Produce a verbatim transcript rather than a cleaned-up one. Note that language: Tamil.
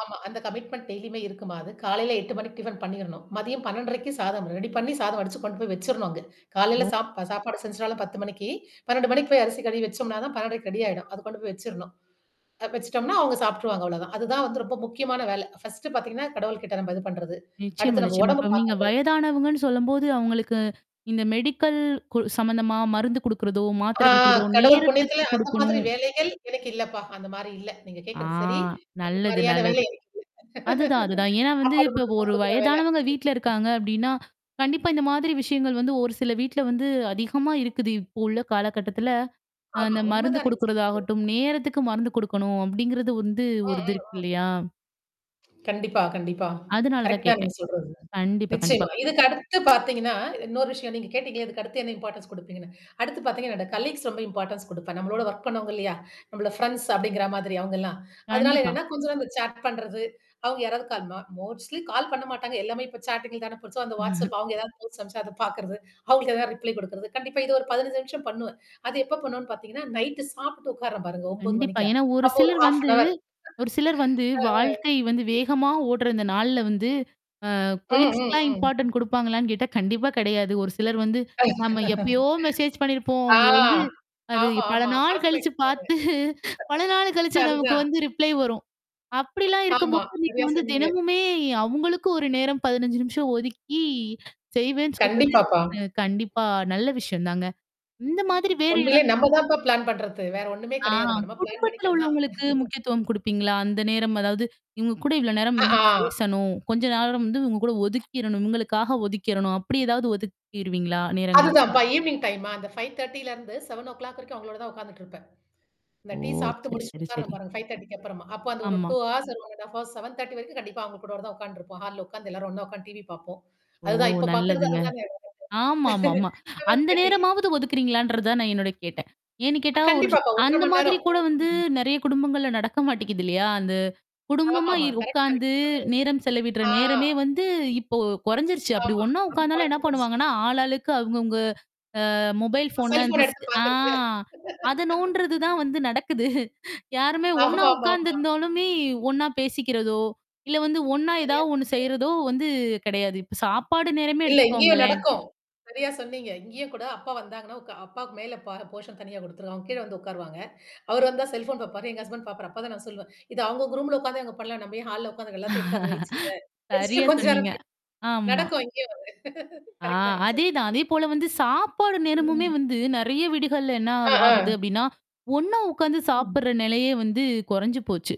ஆமா. அந்த கமிட்மெண்ட் டெய்லியுமே இருக்குமாது. காலையில எட்டு மணிக்கு டிஃபன் பண்ணிரணும். மதியம் பன்னெண்டரைக்கு சாதம் ரெடி பண்ணி சாதம் அடிச்சு கொண்டு போய் வச்சுரணும் அங்க. காலையில ஒ சாப் சாப்பாடு செஞ்சுட்டாலும் பத்து மணிக்கு பன்னெண்டு மணிக்கு போய் அரிசி கழுவி வச்சோம்னா பன்னெண்டரைக்கு ரெடி ஆயிடும். அது கொண்டு போய் வச்சரணும். வச்சுட்டோம்னா, அவங்க சாப்பிட்டுருவாங்க. அவ்வளோதான். அதுதான் வந்து ரொம்ப முக்கியமான வேலை. ஃபர்ஸ்ட்டஃடு பார்த்தீங்கன்னா, கடவுள் கிட்ட நம்ம இது பண்றது. நிச்சயமா, அடுத்து நம்ம நிச்சயமா. உடம்பு இப்ப நீங்க பார்க்கறது. வயதானவங்கன்னு சொல்லும்போது, அவங்களுக்கு இந்த மெடிக்கல் கு சம்மந்தமா மருந்து குடுக்குறதோ, ஆ மாத்திரை குடுக்குறதோ கடவுள் நேரத்துக்கு புண்ணியத்துல அந்த மாதிரி குடுக்கணும். வேலைகள் எனக்கு இல்லப்பா. அந்த மாரி இல்ல. நீங்க ஆ கேட்கறது சரி. அந்த நல்லது மாரியான வேலை நல்லது. எனக்கு இல்ல. அதுதான் அதுதான். ஏன்னா வந்து சாப்பாடு இப்ப மட்டும் தான் ஒரு குடுக்குற வேல. வயதானவங்க வீட்ல இருக்காங்க அப்ப்டின்னா. கண்டிப்பா இந்த மாதிரி விஷயங்கள் வந்து ஒரு சில வீட்ல வந்து அதிகமா இருக்குது. இப்போ உள்ள காலகட்டத்துில. அ ஆமா. அந்த மருந்து உண்மதான் நீங்க சொல்றது. குடுக்குறதாகட்டும். நேரத்துக்கு மருந்து குடுக்கணும். அப்படிங்கிறது வந்து அ, அ, ஒரு இது இருக்கு ஆ. இல்லையா? கண்டிப்பா கண்டிப்பா. அதுனால தான் கரெக்ட் தான் நீங்க கேட்டேன். சொல்றது. கண்டிப்பா, கண்டிப்பா. நிச்சயமா. இதுக்கு அடுத்து ப்த்தீங்கன்னா, இன்னொரு விஷயம் நீங்க கேட்டீங்களேன், இதுக்கு அடுத்து என்ன இம்பார்ட்டன்ஸ் குடுப்பீங்கன்னு. அடுத்து பார்த்தீங்கன்னா என்னுட காலீக்ஸ் ரொம்ப இம்பார்டன்ஸ் குடுப்பேன். நம்மளோட வொர்க் பண்ணுவோங்க இல்லையா? நம்மள ஃப்ரெண்ட்ஸ் அப்படிங்கிற மாதிரி அவவுங்கலாம். அதனால கண்டிப்பா. என்னன்னா கொஞ்சம் நா இந்த சாட் பண்றது, அவங்க யாராவது கால் ப மொஸ்ட்லி கால் பண்ண மாட்டாங்க. எல்லாமே இப்ப சாட்டிங்ல தான போ சோ அந்த WhatsApp அவங்க ஏதாவது மீம்ஸ் அனுப்பிச்ச அத பார்க்கறது. அவங்களுக்கு எதாவது ரிப்ளை குடுக்குறது. கண்டிப்பா இது ஒரு பதினஞ்சு நிமிஷம் பண்ணுவேன். அது எப்ப பண்ணுவன்னு பார்த்தீங்கன்னா, நைட் சாப்பிட்டு உட்கறேன் பாருங்க 9 கண்டிப்பா. மணிக்கா. ஏன்னா, ஒரு அப்போ ஒரு சிலர் ஹாஃப் அன் வந்து ஹவர். ஒரு சிலர் வந்து அ, ஆ. வாழ்க்கை வந்து வேகமா ஓட்டுறந்த நாள்ல வந்து அ அம், ம், கொலிக்ஸ்க்கலாம் ம். இம்பார்ட்டன்ட் குடுப்பாங்களான்னு கேட்டா? கண்டிப்பா கிடையாது. ஒரு சிலர் வந்து நம்ம எப்பயோ மெசேஜ் பண்ணியிருப்போம். ஆ. அங்க வந்து. அது ஆமா பல ஆமா. நாள் மறந்து கழிச்சு போயிட்டுப்ப பாத்து பல நாள் கழிச்சு நமக்கு அதுதான். வந்து ரிப்ளை வரும். அப்படிலாம் இருக்கும் ஆமா. போது நீங்க சரியா வந்து சொன்னீங்க. தினமுமே அவங்களுக்கு ஒரு நேரம் பதினஞ்சு நிமிஷம் ஒதுக்கி செய்வேன்னு சொல்றது. கண்டிப்பாப்பா. அ கண்டிப்பா, நல்ல விஷயம் தாங்க. இந்த மாதிரி வேற எதா உண்மையிலே நம்ம தான்ப்பா பிளான் பண்றது. வேற ஒண்ணுமே ஆ. கெிடையாது மா. நம்ம பிளான் குடும்பத்துல பண்ணிக்கிறதுதான். உள்ளவங்களுக்கு முக்கியத்துவம் குடுப்பீங்களா? அந்த நேரம் அதாவது இவங்க கூட இவ்வளோ நேரம் அ, வந்து ஆ. பேசணும். கொஞ்ச நேரம் வந்து இங்க கூட ஒதுக்கிறணும். இங்களுக்காக ஒதுக்கிறணும். அப்படி ஏதாவது ஒதுக்கிருவீங்களா நேரங்கள்? அதுதான்ப்பா ஈவினிங் டைம்மா. அந்த ஃபைவ் தர்ட்டிலருந்து செவன் ஓ க்ளாக் வரைக்கும் அவங்களோட தான் உட்கார்ந்துட்டு இருப்பேன். இந்த ஓ! டீ சாப்ட்டு சரி, முடிச்சுட்டு சரி, உட்காரருணேன் சரி. பாருங்க ஃபைவ் தர்ட்டிக்கு அப்புறமா. அப்ப அந்த ஒரு ஆமா. டூ அவர்ஸ் ஒரு செவன் தர்ட்டி வரைக்கும் கண்டிப்பா அவங்க கூட தான் உட்கார்ந்துருப்போம் ஹால்ல உட்கார்ந்து எல்லாரும் ஒண்ணா உட்கார்ந்து டிவி பார்ப்போம். ஓ! அதுதான். இப்ப பாார்கறது நல்லதுங்க. அதுதானே. ஆமாமாமா. செவன் அந்த தர்ட்டி நேரமாவது ஒதுக்கிறீங்களான்றத தான் நான் என்னோட கேட்டேன். ஏன்னு அ கேட்டா ஒரு கண்டிப்பாப்பா. ஒன்றரை அந்த மணி மாதிரி நேரம். கூட வந்து [unintelligible] நெறைய குடும்பங்கள்ல நடக்க மாட்டேங்குது இல்லையா? அந்த? குடும்பமா ஆமாமா. கரெக்ட்டா. உட்கார்ந்து நேரம் [unintelligible] செலவிடுற ஆ. நேரமே வந்து இப்போ கொறைஞ்சருச்சு. அப்படி ஆமா. ஒண்ணா ரொம்ப உட்கார்ந்தாலும் என்ன குறைச்சு போச்சு. பண்ணுவாங்கன்னா, ஆளாளுக்கு அங்கவங்க அ மொபைல் அ ஃபோன் செல்ஃபோன் எடுத்து ஆ. பாக்குறது அத நோன்டுறது தான் வந்து நடக்குது. யாருமே ஒண்ணா ஆமாமமா. உட்கார்ந்துிருந்தாலுமே ஒண்ணா பேசிக்கிறதோ! இல்ல வந்து ஒண்ணா சரியா ஏதாவது ஒண்ணு சொன்னீங்க. செய்றதோ வந்து கிடையாது. இப்ப சாப்பாடு நேரமே இல்ல இங்கேயும் எடுத்துக்கோங்களேன். நடக்கும். சரியா சொன்னீங்க. இங்கேயும் கூட அப்பா வந்தாங்கன்னா, உ அப்பாவுக்கு மேல பா போர்ஷன் தனியா குடுத்துருக்கும். அவங்க கீழ வந்து உட்காருவாங்க. அவரு வந்தா செல்ஃபோன் பார்ப்பாரு. எங்க ஹஸ்பண்ட் பாரப்பாரு அப்ப தான் நான் சொல்லுவேன். இது அவவுங்க குரூம்ல உட்கார்ந்தே அவுங்க பண்ணலாம். நம்ம ஏன் ஹால்ல உட்கார்ந்து எல்லாத்தையும் எடுத்து அது வயச்சுருங்க வச்சுட்டு சரியா கொஞ்சம் சொன்னீங்க. நேரம் போய் ஆமா. நடக்கும் இங்கேயும் வந்து. ஆ கரெக்ட் தான் நீங்க சொல்ல. அதேதான். அதேபோல வந்து சாப்பாடு நேரமுமே ம். வந்து நெறைய வீடுகள்ல என்ன ஆ, ஆகு ஆ. ஆகுது அப்படின்னா ஒண்ணா உட்கார்ந்து ம். சாப்படுற நிலையே வந்து குறைஞ்சு போச்சு.